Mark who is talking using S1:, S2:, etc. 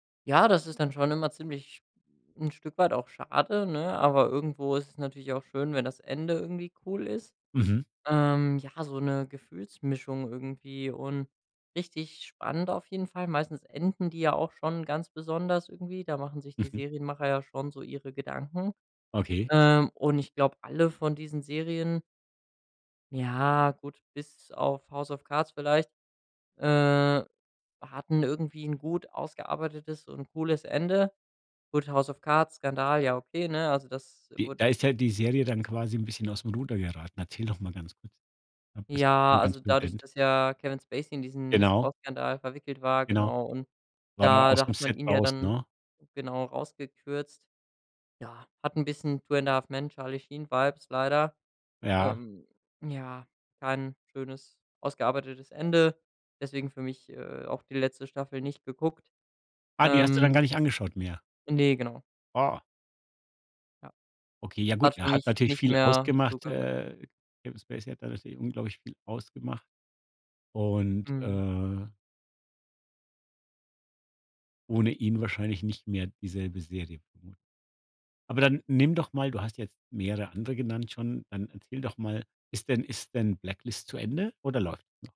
S1: Ja, das ist dann schon immer ziemlich 'n Stück weit auch schade, ne, aber irgendwo ist es natürlich auch schön, wenn das Ende irgendwie cool ist.
S2: Mhm.
S1: Ähm, ja, so 'ne Gefühlsmischung irgendwie und richtig spannend auf jeden Fall. Meistens enden die ja auch schon ganz besonders irgendwie. Da machen sich die
S2: Mhm.
S1: Serienmacher ja schon so ihre Gedanken.
S2: Okay.
S1: Ähm, und ich glaube, alle von diesen Serien ja gut, bis auf „House of Cards” vielleicht äh, hatten irgendwie ’n gut ausgearbeitetes und cooles Ende. Gut, „House of Cards“-Skandal, ja okay, ne? Also das
S2: De
S1: wurde
S2: da ist halt die Serie dann quasi ’n bisschen aus’m Ruder geraten. Erzähl noch mal ganz kurz. Am besten
S1: Ja,
S2: vom
S1: also
S2: ganzen
S1: dadurch,
S2: Event.
S1: dass ja Kevin Spacey in diesen
S2: Genau.
S1: Missbrauchsskandal verwickelt war
S2: Genau.
S1: genau, und
S2: War der
S1: da
S2: aus
S1: da
S2: dem
S1: hat man
S2: Set
S1: ihn ja
S2: raus,
S1: dann
S2: ne?
S1: genau rausgekürzt. Ja, hat 'n bisschen „Two and a Half Men“-Charly-Sheen-Vibes leider
S2: Ja.
S1: ähm, ja, kein schönes, ausgearbeitetes Ende deswegen für mich, äh, auch die letzte Staffel nicht geguckt,
S2: Ah, die hast du dann
S1: ähm.
S2: gar nicht angeschaut mehr.
S1: Ne, genau.
S2: Oh.
S1: Ja,
S2: Okay, ja gut,
S1: hat
S2: er
S1: für
S2: hat
S1: mich
S2: natürlich
S1: nicht
S2: viel
S1: mehr dazu
S2: ausgemacht
S1: gehört.
S2: äh, Kevin Spacey hat da natürlich unglaublich viel ausgemacht und,
S1: Mhm.
S2: äh ohne ihn wahrscheinlich nicht mehr dieselbe Serie, vermut aber dann nimm doch mal du hast jetzt mehrere andere genannt schon dann erzähl doch mal, ist denn ist denn „Blacklist” zu Ende oder läuft noch.